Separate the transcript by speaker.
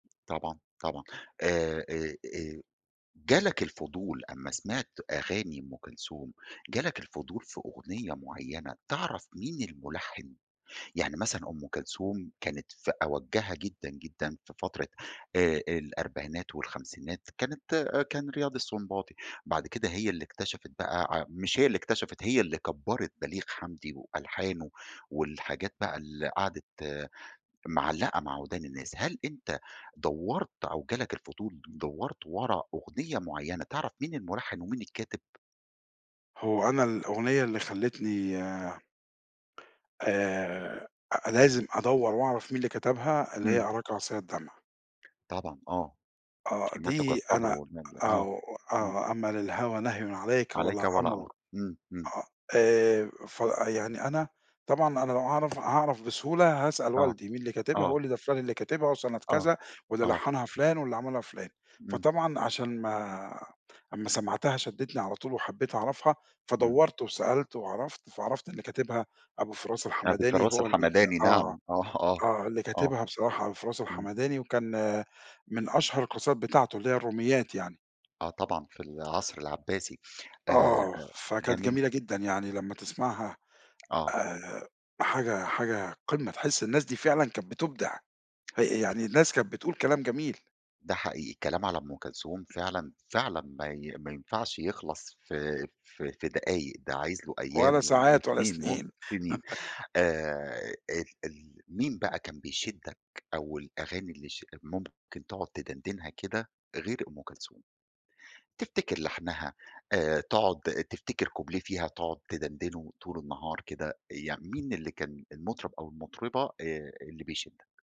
Speaker 1: طبعًا، طبعًا، آآ، آآ، آآ جالك الفضول أمّا سمعت أغاني أُم كلْثُوم، جالك الفُضول في أغنية معينة تعرف مين المُلحّن، يعني مثلًا أُم كلْثُوم كانت في أوجّها جدًا، جدًا في فترة آآ آآ الأربعينات والخمسينات كانت، آآ، كان رِياض السُنْباطي بعد كده هي اللي اكْتشفِت بقى ع مش هي اللي اكْتشفِت هي اللي كبَّرِت بليغ حمدي وألحانُه والحاجات بقى اللي قعدت معلَّقة مع وِدان الناس، هل أنت دوَّرت أو جالك الفُضول دوَّرت ورا أغنية معينة تعرف مين المُلحّن ومين الكاتب؟
Speaker 2: هو أنا الأغنية اللي خلّتني آآ لازم أدوّر وأعرف مين اللي كتبها اللي هي
Speaker 1: إمم.
Speaker 2: أراكَ عَصِيَّ الدمْع.
Speaker 1: طبعًا آه،
Speaker 2: آه
Speaker 1: شيمَتُكَ
Speaker 2: دي
Speaker 1: الصَبر
Speaker 2: أنا
Speaker 1: [unintelligible] آه
Speaker 2: آه
Speaker 1: إمم.
Speaker 2: آه أما للهَوَى نَهْيٌ عليك
Speaker 1: عليك
Speaker 2: ولا
Speaker 1: ولا
Speaker 2: أمْرُ،
Speaker 1: أمرُ. إمم إمم.
Speaker 2: آه آآ ف يعني أنا طبعًا أنا لو أعرف هاعرف بسهولة هاسأل
Speaker 1: آه،
Speaker 2: والدي مين اللي كاتبها
Speaker 1: آه.
Speaker 2: هيقول لي دا فُلان اللي كاتبها وسَنَة
Speaker 1: آه،
Speaker 2: كذا واللي
Speaker 1: آه
Speaker 2: لحَّنها فُلان واللي عملها فُلان،
Speaker 1: إمم.
Speaker 2: فطبعًا عشان ما أمّا سمعتها شدِّتْني على طول وحبيت أعرفها،
Speaker 1: إمم.
Speaker 2: فدوَّرت وسألت وعرفت فعرفت اللي كاتبها أبو فراس
Speaker 1: أبي
Speaker 2: الحمداني
Speaker 1: فراس
Speaker 2: هو ال
Speaker 1: الحمداني
Speaker 2: آه،
Speaker 1: نعم، آه آه،
Speaker 2: آه اللي
Speaker 1: آه،
Speaker 2: كاتبها بصراحة أبو فراس
Speaker 1: إمم.
Speaker 2: الحمداني وكان من أشْهر القَصائِد بتاعته اللي هي الروْمِيَّات يعني.
Speaker 1: آه طبعًا في العصر العباسي آآ
Speaker 2: آه فكانت
Speaker 1: جميل.
Speaker 2: جميلة جدًا يعني لمّا تسمعها
Speaker 1: آه.
Speaker 2: آآ حاجة حاجة قِمَّة تحس الناس دي فعلًا كانت بِتبْدع، يعني
Speaker 1: [unintelligible]
Speaker 2: الناس كانت بتقول كلام جميل.
Speaker 1: ده حقيقي الكلام على أُم كلْثُوم فعلًا، فعلًا ما ي ما ينفعش يخْلص في في في دقايق ده عايز له أيام
Speaker 2: ولا
Speaker 1: و
Speaker 2: ساعات ولا
Speaker 1: سنين و
Speaker 2: سنين
Speaker 1: سنين، آآ ال ال مين بقى كان بيشدّك أو الأغاني اللي ش ممكن تقعد تدَنْدِنْها كده غير أُم كلْثُوم؟ تفتكر لحْنها، آآ تقعد تفتكر كُوبْليه فيها تقعد تدَنْدِنه طول النهار كده، يعني مين اللي كان المُطرب أو المُطربة آآ اللي بيشدك؟